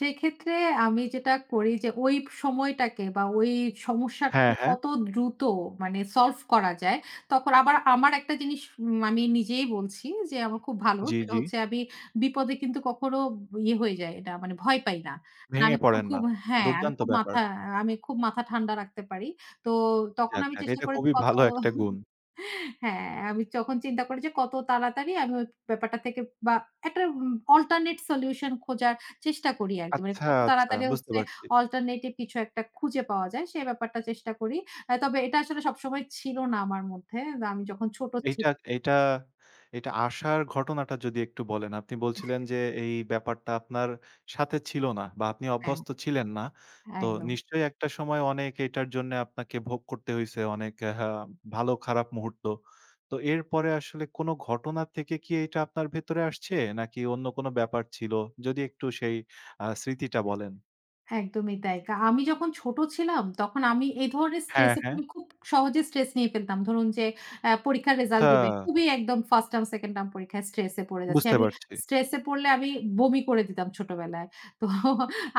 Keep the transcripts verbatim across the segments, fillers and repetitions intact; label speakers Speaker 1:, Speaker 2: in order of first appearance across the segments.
Speaker 1: সেক্ষেত্রে আমি যেটা করি যে ওই ব সময়টাকে বা ওই
Speaker 2: হ্যাঁ,
Speaker 1: সমস্যাটাকে
Speaker 2: হ্যাঁ।
Speaker 1: কত দ্রুত মানে, সলভ করা যায়। তখন আবার আমার একটা জিনিস মানি নিজেই বলছি যে, আমার খুব ভালো।
Speaker 2: জ্বি,
Speaker 1: সেটা
Speaker 2: জ্বি।
Speaker 1: হচ্ছে আমি বিপদে কিন্তু কখনো ব ইয়ে হয়ে যাই না, মানে ভয় পাই না। না আমি
Speaker 2: ভেঙে
Speaker 1: কখনো
Speaker 2: পড়েন
Speaker 1: খুব
Speaker 2: না।
Speaker 1: হ্যাঁ, আমি
Speaker 2: দুর্দান্ত
Speaker 1: খুব
Speaker 2: ব্যাপার!
Speaker 1: মাথা আ আমি খুব মাথা ঠান্ডা রাখতে পারি। তো তখন
Speaker 2: যাক,
Speaker 1: আমি
Speaker 2: যাক
Speaker 1: চেষ্টা
Speaker 2: এটা
Speaker 1: করি যে
Speaker 2: খুবই
Speaker 1: কত
Speaker 2: ভালো একটা গুণ।
Speaker 1: হ্যাঁ, আমি চখন চিন্তা করি যে, কত তাড়াতাড়ি আমি ওই ব্যাপারটা থেকে বা একটা উম অল্টারনেট সলিউশন খোঁজার চেষ্টা করি আরকি। মানে
Speaker 2: আচ্ছা,
Speaker 1: কত
Speaker 2: আচ্ছা,
Speaker 1: তাড়াতাড়ি
Speaker 2: বুঝতে
Speaker 1: হচ্ছে
Speaker 2: পারছি।
Speaker 1: অল্টারনেটিভ কিছু একটা খুঁজে পাওয়া যায়? সে ব্যাপারটা চেষ্টা করি। আ তবে এটা আসলে সবসময় ছিল না আমার মধ্যে। আমি যখন ছোট ছি
Speaker 2: এইটা, এইটা, এইটা আশার ঘটনাটা যদি একটু বলেন? আপনি
Speaker 1: এহ
Speaker 2: বলছিলেন যে, এই ব্যাপারটা আপনার সাথে ছিল না বা আপনি
Speaker 1: হ্যা।
Speaker 2: অভ্যস্ত ছিলেন না। তো
Speaker 1: একদম।
Speaker 2: নিশ্চয় একটা সময় অনেক এটার জন্যে আপনাকে ভোগ করতে হইছে অনেক, আ ভালো-খারাপ মুহূর্ত। তো এরপরে আসলে কোনো ঘটনা থেকে কি এটা আপনার ভেতরে আসছে? নাকি অন্য কোনো ব্যাপার ছিল? যদি একটু সেই আ স্মৃতিটা বলেন?
Speaker 1: একদমই তাই। কা আমি যখন ছোট ছিলাম, তখন আমি এই ধরনের
Speaker 2: হ্যাঁ,
Speaker 1: স্ট্রেসে,
Speaker 2: হ্যাঁ।
Speaker 1: আমি খুব সহজে স্ট্রেস নিয়ে ফেলতাম। ধরুন যে আ পরীক্ষার রেজাল্ট দিবে।
Speaker 2: হ্যাঁ।
Speaker 1: খুবই একদম First টার্ম, Second টার্ম পরীক্ষায় স্ট্রেস এ পড়ে যাচ্ছি।
Speaker 2: বুঝতে
Speaker 1: আমি
Speaker 2: পারছি।
Speaker 1: স্ট্রেসে পড়লে আমি বমি করে দিতাম ছোটবেলায়। তো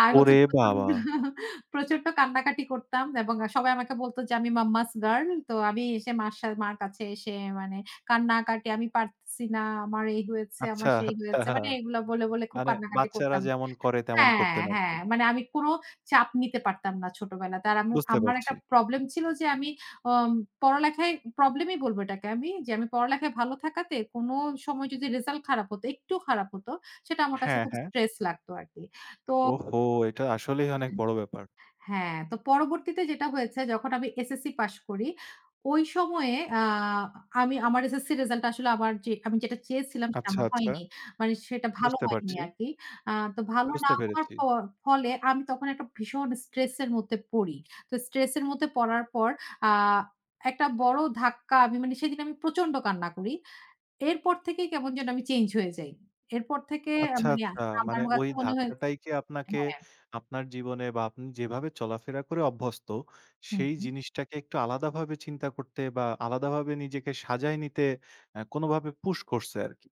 Speaker 1: আর হচ্ছে
Speaker 2: ওরে
Speaker 1: প্রচন্ড,
Speaker 2: বাবা!
Speaker 1: প্রচন্ড কান্নাকাটি করতাম। এবং এ সবাই আমাকে বলত যে, আমি মাম্মাস গার্ল। তো আমি এসে মার সা মার কাছে এসে মানে কান্নাকাটি, "আমি পারতেসি না। আমার এই হয়েছে,
Speaker 2: আচ্ছা,
Speaker 1: আমার সেই
Speaker 2: আচ্ছা।
Speaker 1: হয়েছে।" মানে এগুলো বলে, বলে খুব
Speaker 2: মানে
Speaker 1: কান্নাকাটি
Speaker 2: বাচ্চারা
Speaker 1: করতাম
Speaker 2: যেমন করে তেমন
Speaker 1: হ্যাঁ,
Speaker 2: করতেন আরকি।
Speaker 1: হ্যাঁ। মানে আমি কোনো চাপ নিতে পারতাম না ছোটবেলাতে। আর আম্মু,
Speaker 2: বুঝতে
Speaker 1: আমার একটা
Speaker 2: পারছি।
Speaker 1: প্রবলেম ছিল যে, আমি অম পড়ালেখায়, প্রবলেমই বলবো এটাকে আমি যে, আমি পড়ালেখায় ভালো থাকাতে কোনো সময় যদি রিসাল্ট খারাপ হত, একটু খারাপ হত, সেটা আমার কাছে
Speaker 2: হ্যাঁ,
Speaker 1: খুব
Speaker 2: হ্যাঁ।
Speaker 1: স্ট্রেস লাগতো আরকি। তো
Speaker 2: ওহো! এইটা আসলেই
Speaker 1: এহ
Speaker 2: অনেক বড় ব্যাপার।
Speaker 1: হ্যাঁ, তো পরবর্তীতে যেটা হয়েছে যখন আমি SSC পাস করি, ওই সময়ে আ আমি আমার SSC এর রিসাল্টটা আসলে আমার যে, আমি যেটা চেয়েছিলাম সেটা
Speaker 2: আচ্ছা,
Speaker 1: আমার
Speaker 2: আচ্ছা।
Speaker 1: হয়নি। মানে সেটা ভালো
Speaker 2: বুঝতে
Speaker 1: হয়নি
Speaker 2: পারছি।
Speaker 1: আরকি। আ তো ভালো না
Speaker 2: বুঝতে
Speaker 1: হওয়ার
Speaker 2: পেরেছি।
Speaker 1: পর, ফলে আমি তখন একটা ভীষণ স্ট্রেস এর মধ্যে পড়ি। তো স্ট্রেস এর মধ্যে পড়ার পর, আ একটা বড় ধাক্কা আমি মানে, সেদিন আমি প্রচন্ড কান্না করি। এরপর থেকেই কেমন যেন আমি চেঞ্জ হয়ে যাই। এরপর থেকে এ
Speaker 2: আচ্ছা,
Speaker 1: মানে
Speaker 2: আচ্ছা মানে
Speaker 1: আমার
Speaker 2: ওই
Speaker 1: কাছে মনে হয়
Speaker 2: ধাক্কাটাইকে আপনাকে
Speaker 1: হ্যাঁ।
Speaker 2: আপনার জীবনে বা আপনি যেভাবে চলাফেরা করে অভ্যস্ত,
Speaker 1: হু,
Speaker 2: সেই
Speaker 1: হু।
Speaker 2: জিনিসটাকে একটু আলাদাভাবে চিন্তা করতে বা আলাদাভাবে নিজেকে সাজায় নিতে, আ কোনোভাবে পুশ করছে আরকি।